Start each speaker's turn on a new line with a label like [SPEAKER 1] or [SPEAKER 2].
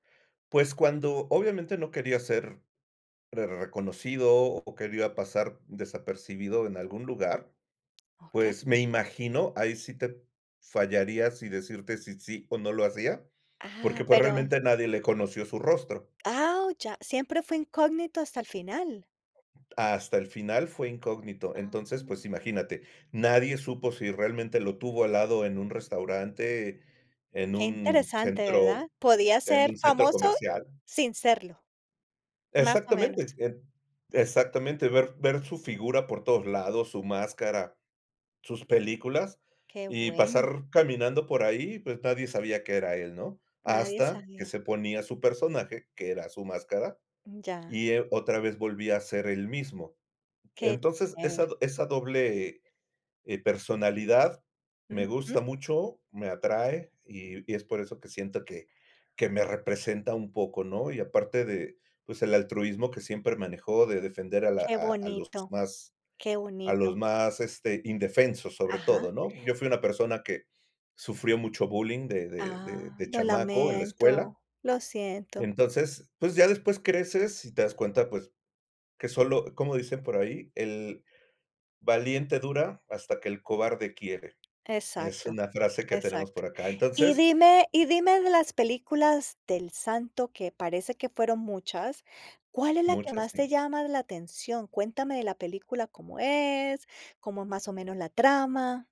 [SPEAKER 1] Pues, cuando, obviamente, no quería ser rer reconocido o quería pasar desapercibido en algún lugar,
[SPEAKER 2] Okey.
[SPEAKER 1] pues, me imagino, ahí sí te fallaría si decirte si sí o no lo hacía,
[SPEAKER 2] Ah,
[SPEAKER 1] porque, pues,
[SPEAKER 2] pero
[SPEAKER 1] realmente, nadie le conoció su rostro.
[SPEAKER 2] Ah, oh, ya, siempre fue incógnito hasta el final.
[SPEAKER 1] Hasta el final fue incógnito.
[SPEAKER 2] Ah.
[SPEAKER 1] Entonces, pues, imagínate, nadie supo si realmente lo tuvo al lado en un restaurante, en
[SPEAKER 2] Qué
[SPEAKER 1] un
[SPEAKER 2] interesante, ¿verdad?
[SPEAKER 1] centro
[SPEAKER 2] Podía
[SPEAKER 1] en
[SPEAKER 2] ser
[SPEAKER 1] un centro
[SPEAKER 2] famoso
[SPEAKER 1] comercial.
[SPEAKER 2] sin serlo, más o menos.
[SPEAKER 1] Exactamente, et exactamente, ver ver su figura por todos lados, su máscara, sus películas,
[SPEAKER 2] Qué
[SPEAKER 1] y
[SPEAKER 2] bueno.
[SPEAKER 1] pasar caminando por ahí, pues, nadie sabía qué era él, ¿no?
[SPEAKER 2] Nadie
[SPEAKER 1] Hasta que
[SPEAKER 2] sabía.
[SPEAKER 1] se ponía su personaje, que era su máscara,
[SPEAKER 2] Mm, ya.
[SPEAKER 1] y él, otra vez volvía a ser él mismo.
[SPEAKER 2] Qué
[SPEAKER 1] Entonces,
[SPEAKER 2] chévere.
[SPEAKER 1] esa do esa doble, eh, personalidad, me
[SPEAKER 2] Ujú.
[SPEAKER 1] gusta mucho, me atrae, y y es por eso que siento que que me representa un poco, ¿no? Y aparte de, pues, el altruismo que siempre manejó, de defender a la
[SPEAKER 2] Qué
[SPEAKER 1] a a los
[SPEAKER 2] bonito,
[SPEAKER 1] más
[SPEAKER 2] qué
[SPEAKER 1] a los
[SPEAKER 2] bonito.
[SPEAKER 1] más, este, indefensos, sobre
[SPEAKER 2] Ajá.
[SPEAKER 1] todo, ¿no? Yo fui una persona que sufrió mucho bullying de de de
[SPEAKER 2] Ah,
[SPEAKER 1] de
[SPEAKER 2] lo
[SPEAKER 1] chamaco en la escuela
[SPEAKER 2] lamento, lo siento.
[SPEAKER 1] entonces, pues, ya después creces y te das cuenta, pues, que solo cómo dicen por ahí: "El valiente dura hasta que el cobarde quiere". Es
[SPEAKER 2] Exacto,
[SPEAKER 1] una frase que tenemos
[SPEAKER 2] exacto.
[SPEAKER 1] por acá.
[SPEAKER 2] Y
[SPEAKER 1] Entonces
[SPEAKER 2] dime y dime de las películas de El Santo, que parece que fueron muchas, ¿cuál es la que
[SPEAKER 1] Muchas,
[SPEAKER 2] más te
[SPEAKER 1] sí.
[SPEAKER 2] llama la atención? Cuéntame de la película, ¿cómo es? ¿Cómo es más o menos la trama?